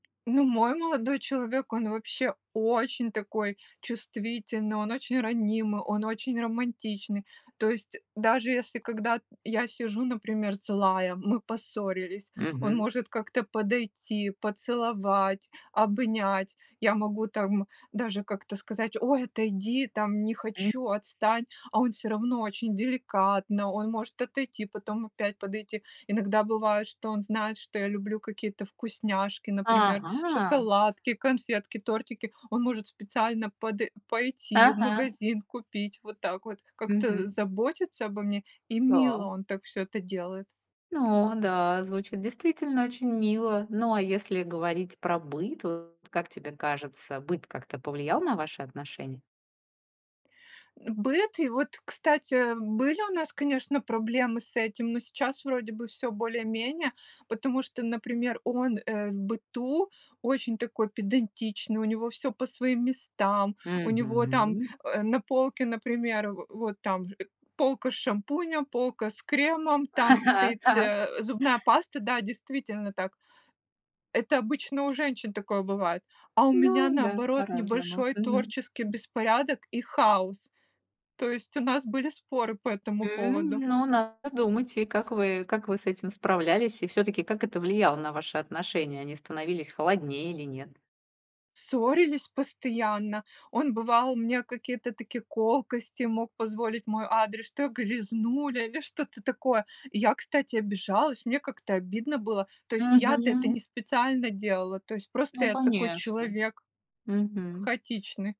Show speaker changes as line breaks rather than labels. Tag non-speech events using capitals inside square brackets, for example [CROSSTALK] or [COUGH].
Ну, мой молодой человек, он вообще очень такой чувствительный, он очень ранимый, он очень романтичный. То есть даже если, когда я сижу, например, злая, мы поссорились, он
Мгм.
может как-то подойти, поцеловать, обнять. Я могу там даже как-то сказать: "Ой, отойди, там, не
М.
хочу, отстань". А он всё равно очень деликатно, он может отойти, потом опять подойти. Иногда бывает, что он знает, что я люблю какие-то вкусняшки, например,
Ага.
шоколадки, конфетки, тортики, он может специально подой пойти в
Ага.
магазин купить, вот так вот, как-то
Мгм.
заботиться обо мне и мило
Та.
он так всё это делает.
Но да, звучит действительно очень мило. Но, а если говорить про быт, вот как тебе кажется, быт как-то повлиял на ваши отношения?
Быт и вот, кстати, были у нас, конечно, проблемы с этим, но сейчас вроде бы всё более-менее, потому что, например, он, э, в быту очень такой педантичный, у него всё по своим местам, у него там,
Мгм.
э, на полке, например, в вот там же полка с шампунем, полка с кремом, там
[CHUCKLES]
стоит,
Так.
э, зубная паста, да, действительно так. Это обычно у женщин такое бывает, а у меня,
Ну да,
наоборот,
по-разному,
небольшой
мгм.
творческий беспорядок и хаос. То есть у нас были споры по этому
М,
поводу.
ну, надо думать. И как вы, как вы с этим справлялись? И всё-таки, как это влияло на ваши отношения: они становились холоднее или нет?
Ссорились постоянно, он бывал мне какие-то такие колкости мог позволить в мой адрес, что я грязнуля или что-то такое. Я, кстати, обижалась, мне как-то обидно было, то есть, я-то это не
Мгм.
специально делала, то есть, просто
Ну,
я такой
конечно.
человек
Мгм.
хаотичный.